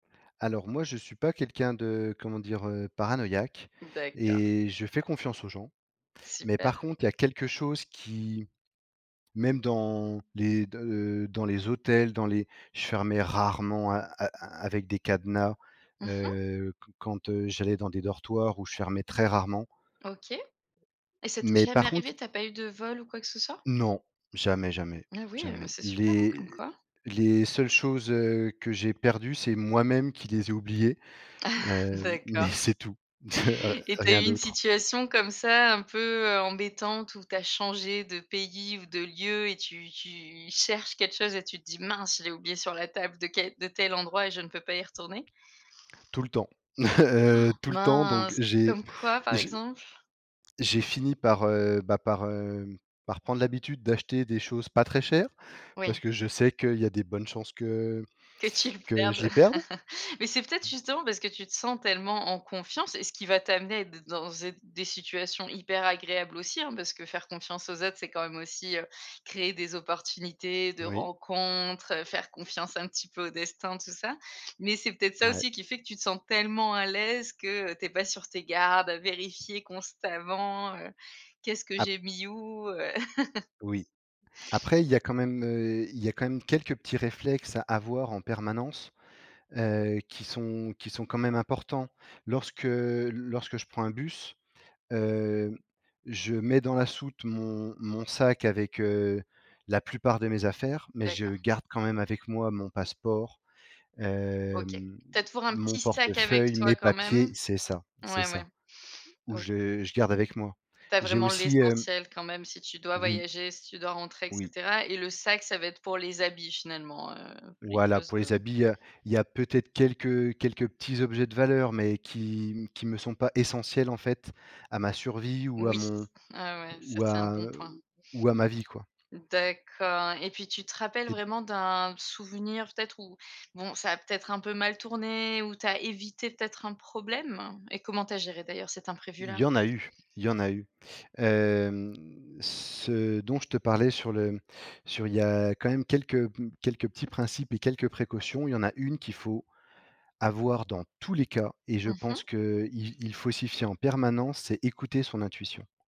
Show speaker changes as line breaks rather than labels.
Alors moi, je suis pas quelqu'un de, comment dire? Heu, paranoïaque
D'accord.
et je fais confiance aux gens. Mais par
Super.
contre, il y a quelque chose qui même dans les de heu dans les hôtels, dans les je fermais rarement a a avec des cadenas,
Mmh mh.
heu, qu quand, heu, j'allais dans des dortoirs ou je fermais très rarement.
OK. Et ça t'est
Mais
jamais
par contre
arrivé, tu n'as pas eu de vol ou quoi que ce soit?
Non, jamais, jamais,
Et oui, mais
jamais.
c'est super, hein,
Les
comme quoi.
les seules choses, heu, que j'ai perdues, c'est moi-même qui les ai oubliées, heu, m mais
D'accord,
c'est tout, heu,
et tu as
rien
eu une
d'autre.
situation comme ça, un peu, heu, embêtante où tu as changé de pays ou de lieu et tu tu cherches quelque chose et tu te dis: «Mince, je l'ai oublié sur la table de quel de tel endroit et je ne peux pas y retourner?».
Tout le temps, heu, tout le temps donc
Mince,
j'ai
comme quoi par
j'ai
exemple?
j'ai fini par, heu, bah, par, hem, par prendre l'habitude d'acheter des choses pas très chères parce
Oui.
que je sais qu'il y a des bonnes chances que
Que tu le
que je
perdes.
les perde.
Mais c'est peut-être justement parce que tu te sens tellement en confiance, et ce qui va t'amener de dans êtes des situations hyper agréables aussi hein, parce que faire confiance aux autres, c'est quand même aussi, heu, créer des opportunités de
Oui.
rencontres, heu, faire confiance un petit peu au destin, tout ça. Mais c'est peut-être ça
Ouais.
aussi qui fait que tu te sens tellement à l'aise, que tu es pas sur tes gardes à vérifier constamment, heu, qu'est-ce que
Ap
j'ai mis où? Heu.
Oui. Après, il y a quand même, heu, il y a quand même quelques petits réflexes à avoir en permanence, heu, qui sont qui sont quand même importants. Lorsque lorsque je prends un bus, hem, je mets dans la soute mon mon sac avec, heu, la plupart de mes affaires, mais je
D'accord.
garde quand même avec moi mon passeport,
OK,
hem,
tu as toujours un
mon
petit sac avec
portefeuille, mes
toi quand
papiers
même?
c'est ça, c'est
Ouais,
ça,
ouais.
ou
OK.
je je garde avec moi.
Tu as
J'ai
vraiment
aussi, hem
l'essentiel quand même si tu dois
Oui.
voyager, si tu dois rentrer et
Oui.
cetera et le sac, ça va être pour les habits finalement, heu, pour les
Voilà,
choses
pour
comme
les habits, heu, il y a peut-être quelques quelques petits objets de valeur, mais qui qui me sont pas essentiels en fait à ma survie ou à
Oui.
mon
Ah ouais, ça
ou
c'est un
à
bon point.
ou à ma vie quoi.
D'accord, et puis tu te rappelles
Tu es d
vraiment d'un souvenir peut-être où, bon, ça a peut-être un peu mal tourné, où tu as évité peut-être un problème et comment tu as géré d'ailleurs cet
Il
imprévu-là?
y en a eu il y en a eu. Hem, ce dont je te parlais sur le sur il y a quand même quelques quelques petits principes et quelques précautions. Il y en a une qu'il faut avoir dans tous les cas et je
Mmh mh.
pense qu'il il faut s'y fier en permanence, c'est écouter son intuition.